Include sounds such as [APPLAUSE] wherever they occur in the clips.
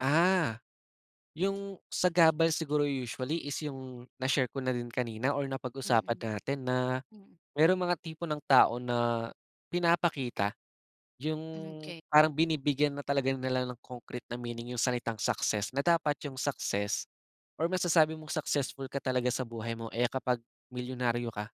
Ah. 'Yong sagabal siguro usually is 'yong na-share ko na din kanina or napag-usapan Mm. natin na, Mm. merong mga tipo ng tao na pinapakita, 'yong Hmm, 'kay. parang binibigyan na talaga nila ng concrete na meaning 'yong salitang success, na dapat 'yong success, or masasabi mong successful ka talaga sa buhay mo, eh, ah, kapag milyonaryo ka,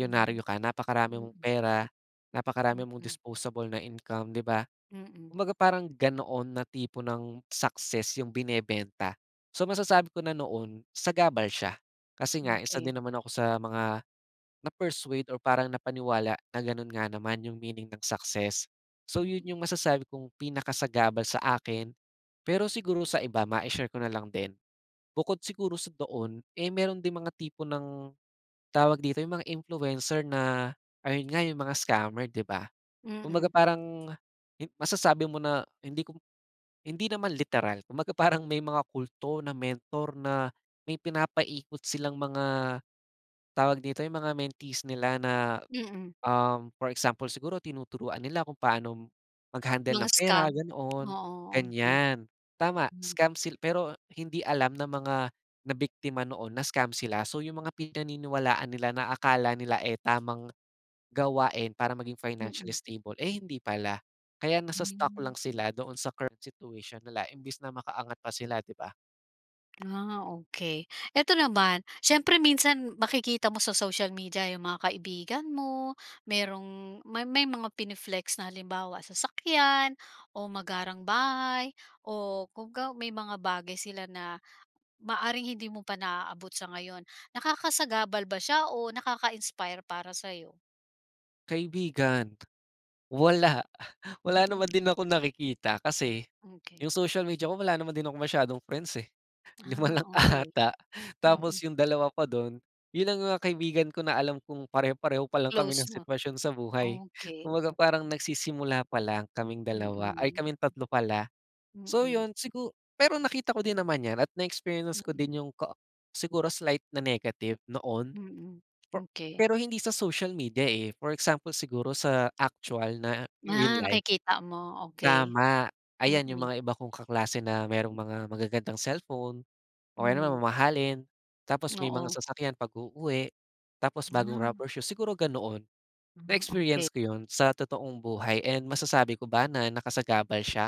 Mhm. ka, napakarami mong Mm. pera, napakarami mong Mm. disposable na income, 'di ba. Mm. Kumbaga parang, ganoon na tipo ng success 'yong binebenta. So, masasabi ko na noon, sagabal siya, kasi nga, isa din Okay. naman ako sa mga, na-persuade or parang napaniwala na gano'n nga naman 'yong meaning ng success. So 'yon Mm. 'yong masasabi kong pinakasagabal sa akin, pero siguro sa iba. mai-share ko na lang din, bukod siguro sa doon, eh, meron din mga tipo ng, tawag dito, 'yong mga influencer na, ayun nga, 'yong mga scammer, 'di ba. Kumbaga Mm. parang, hin masasabi mo na hindi ko hindi naman literal kumbaga parang may mga kulto na mentor na may pinapaikot silang mga, tawag dito, 'yong mga mentees nila na, Mm. um, for example siguro tinuturuan nila kung paanong, mag-handle Mga ng pera scam. ganoon, Oo, okay. ganiyan. Tama, Hmm. scam sil pero, hindi alam ng mga nabiktima noon na scam sila. So 'yong mga pinaniniwalaan nila na akala nila, eh, tamang, gawain para maging financially Mm. stable, eh, hindi pala. Kaya nasa-stuck Hmm. lang sila doon sa current situation nila imbis na maka-angat pa sila, 'di ba. Ah, okay. Ito naman, siyempre minsan makikita mo sa social media 'yong mga kaibigan mo, merong may may mga pine-flex na halimbawa, sasakyan o magarang bahay o kumbaga may mga bagay sila na, maaaring hindi mo pa naabot sa ngayon. Nakakasagabal ba siya o nakaka-inspire para sa'yo? Kaibigan. Wala, [SCOFFS] wala naman din Mm. akong nakikita. Kasi Okay. 'yong social media ko wala naman din akong masyadong friends, eh. 5 Ah, lang okay. ata, Mm. tapos 'yong dalawa pa do'n, 'yon lang ang kaibigan ko na alam kung pareho-pareho pa lang kami Close ng mo sitwasyon sa buhay, okay. kumbaga parang nagsisimula pa lang kaming 2, ay Mm. kaming 3 pala. So Mm. 'yon, sigu pero nakita ko din naman 'yan at na-experience ko Mm. din 'yong kaa siguro slight na negative noon. Mm, Per okay. pero hindi sa social media, eh, for example siguro sa aktuwal na real Ma life. nakikita mo? Okay. Tama. Ayan 'yong Mm. mga iba kong kaklase na merong mga magagandang cellphone o kaya naman Hmm. mamahalin. Tapos may mga Oo. sasakyan pag-uuwi, tapos Mo [SMACKS LIPS] bagong na rubber shoes, siguro ganoon. Ah, okay. Na-experience ko 'yon sa totoong buhay and masasabi ko ba na nakasagabal siya?